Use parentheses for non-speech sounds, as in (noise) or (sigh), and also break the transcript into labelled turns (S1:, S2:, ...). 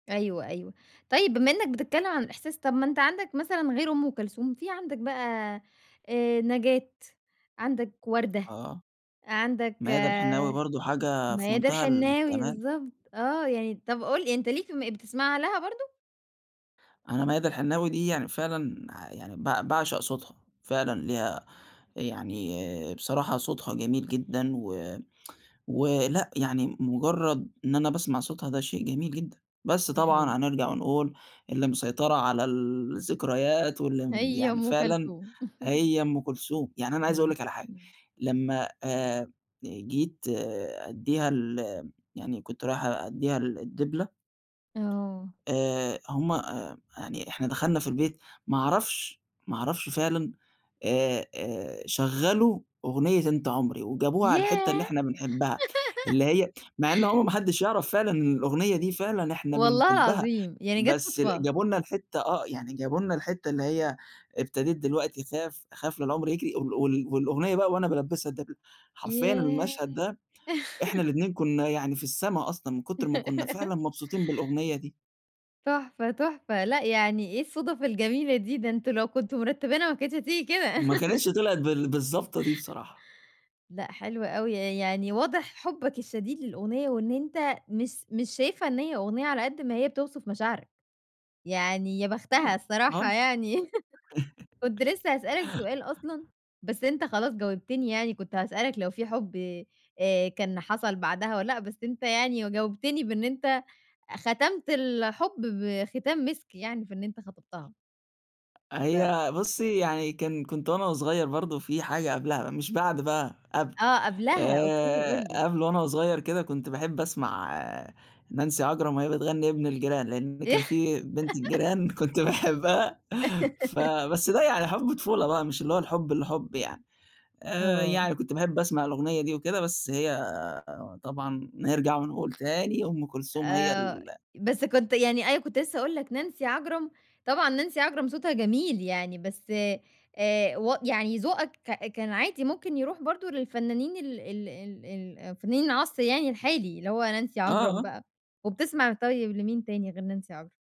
S1: أيوه، أيوه. طيب بما إنك بتتكلم عن الإحساس، طَب ما أنت عندك مثلًا غير أم كلثوم، في عندك بقى، آآ، نجاة، عندك وردة،
S2: آه،
S1: عندك
S2: ميادة الحناوي برضه حاجة في
S1: ميادة
S2: منتهى
S1: الحناوي
S2: الجمال؟
S1: بالضبط، آه يعني. طَب قُل أنت ليك م بتسمع لها برضه؟
S2: أنا ميادة الحناوي دي يعني فعلًا يعني ب باعشق صوتها، فعلًا ليها يعني، آآ، بصراحة صوتها جميل جدًا و ولأ يعني مجرد إن أنا باسمع صوتها ده شيء جميل جدًا، بس طبعًا
S1: (unintelligible)
S2: هنرجع ونقول اللي مسيطرة على الذكريات واللي، امم،
S1: هي
S2: يعني
S1: أم
S2: فعلًا
S1: كلثوم (laughs)
S2: هي أم كلثوم. يعني أنا عايز أقول
S1: إمم،
S2: لِك على حاجة،
S1: إمم.
S2: لمّا، آآ، جيت، آآ، أدِّيها ال يعني كنت رايح أدِّيها الدبلة
S1: آه.
S2: آآ، هُم آآ يعني إحنا دخلنا في البيت، ما أعرفش، ما أعرفش فعلًا، آآ آآ شغَّلوا أغنية أنت عمري، وجابوها على الحتّة
S1: ياه!
S2: اللي
S1: (giggles)
S2: إحنا بنحبها، اللي هي مع إنه هو ما حدش يعرف فعلًا إن الأغنية دي، فعلًا إحنا
S1: والله
S2: بنحبها،
S1: العظيم، يعني جات
S2: بس ال
S1: صدفة؟!
S2: جابوا لنا الحتّة آه، يعني جابوا لنا الحتّة اللي هي: "ابتديت دلوقتي أخاف، أخاف لَا العُمْر يجري." وال وال والأغنية بقى وأنا بالبسها الدبلة، حرفيًا
S1: ياه!
S2: المشهد ده، إحنا
S1: (giggles)
S2: الاتنين كنا يعني في السما أصلًا، من كتر ما كنا
S1: (giggles)
S2: فعلًا مبسوطين بالأغنية دي.
S1: تحفة، تحفة، لأ يعني إيه الصُدَف الجميلة دي، ده أنتم لو كنتم مرتبينها، ما كانتش هتيجي كده
S2: ما كانتش
S1: (giggles)
S2: طِلْعِت بال بالضبطة دي بصراحة.
S1: لأ حلو أوي، ي يعني واضح حبك الشديد للأغنية وإن أنت مس مش شايفها إن هي أغنية، على قد ما هي بتوصف مشاعرك، يعني يا بختها
S2: طبعًا،
S1: الصراحة
S2: آه
S1: يعني (laughs) كنت لسه هاسألك سؤال أصلًا،
S2: (giggles)
S1: بس أنت خلاص جاوبتني يعني، كنت هاسألك لو في حب، آآ، كان حصل بعدها والَّا لأ، بس أنت يعني و جاوبتني بإن أنت ختمت الحب بختام مِسك يعني، بإن أنت خطبتها. ف
S2: هي بُصي يعني كان كنت وأنا وصغير برضه، في حاجة قبلها، مش بعد بقى، قبل،
S1: آه قبلها، Okay قُل
S2: آآ،
S1: لي.
S2: قبل وأنا وصغير كده، كنت باحب أسمع نانسي عجرم وهي بتغني ابن الجيران، لأن
S1: إيه؟
S2: كان في بنت
S1: (giggles)
S2: الجيران كنت باحبها
S1: (giggles)
S2: فبس ده يعني حُب طفولة بقى، مش اللي هو الحُب الحُب يعني. آآ،
S1: آه.
S2: يعني كنت باحب أسمع الأغنية دي وكده، بس هي طبعًا نرجع ونقول تاني أم كلثوم هي
S1: آآ،
S2: ال
S1: بس كنت يعني،
S2: (unintelligible)
S1: أنا كنت لسه هاقول لك، نانسي عجرم، طبعًا نانسي عجرم صوتها جميل يعني، بس، آآ، و يعني ذوقك ك كان عادي ممكن يرُوح برضه للفنانين ال ال ال ال فنانين العصر يعني الحالي، اللي هو نانسي
S2: آه،
S1: عجرم
S2: آه.
S1: بقى. وبتسمع طيب لمين تاني غير نانسي عجرم؟